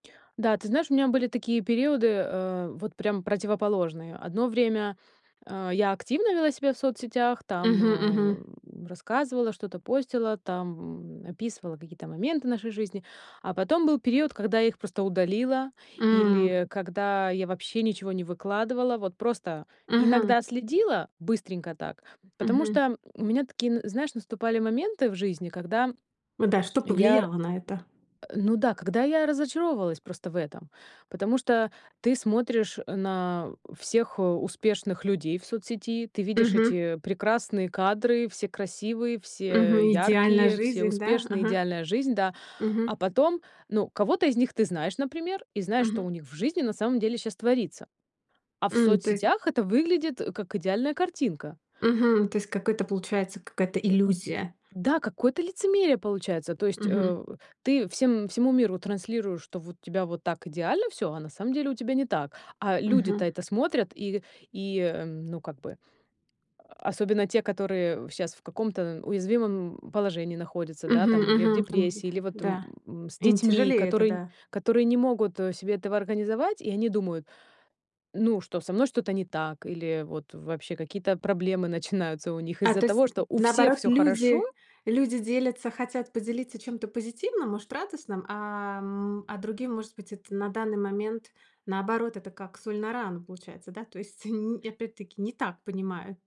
Да, ты знаешь, у меня были такие периоды, э, вот прям противоположные. Одно время, а, я активно вела себя в соцсетях, там, Мгм. Мгм. э, рассказывала, что-то постила, там, м, описывала какие-то моменты нашей жизни. А потом был период, когда я их просто удалила М. или когда я вообще ничего не выкладывала. Вот просто Мгм. иногда следила быстренько так, потому Мгм. что у меня такие, н знаешь, наступали моменты в жизни, когда Вот да, что я р э, повлияло на это? ну да, когда я разочаровывалась просто в этом. Потому что ты смотришь на всех успешных людей в соцсети, ты видишь Мгм. эти прекрасные кадры, все красивые, все Мгм. Идеальная яркие, все жизнь, да? успешные, Ага. идеальная жизнь, да. Мгм. А потом, ну, кого-то из них ты знаешь, например, и знаешь, что Мгм. у них в жизни на самом деле щас творится. А в М, то есть соцсетях это выглядит, как идеальная картинка. Э, Мгм. То есть какой-то, получается какая-то иллюзия. у да, какое-то лицемерие, получается. То есть, Мгм. э, ты всем всему миру транслируешь, что вот у тебя вот так идеально всё, а на самом деле, у тебя не так. А люди-то Мгм. это смотрят, и и, ну, как бы, особенно те, которые щас в каком-то уязвимом положении находятся, да, Мгм, там, или в мгм, там лиля депрессии, или вот, Да, м, с им детьми, тяжелее это, которые да. которые не могут, э, себе этого организовать, и они думают: ну, что со мной что-то не так, или вот вообще какие-то проблемы начинаются у них А, из-за то есть, того, что у всех наоборот, всё хорошо люди люди делятся, хотят поделиться чем-то позитивным, может, радостным. А, м, а другим, может быть, это на данный момент, наоборот, это как соль на рану, получается, да. То есть ни опять-таки, не так понимаю.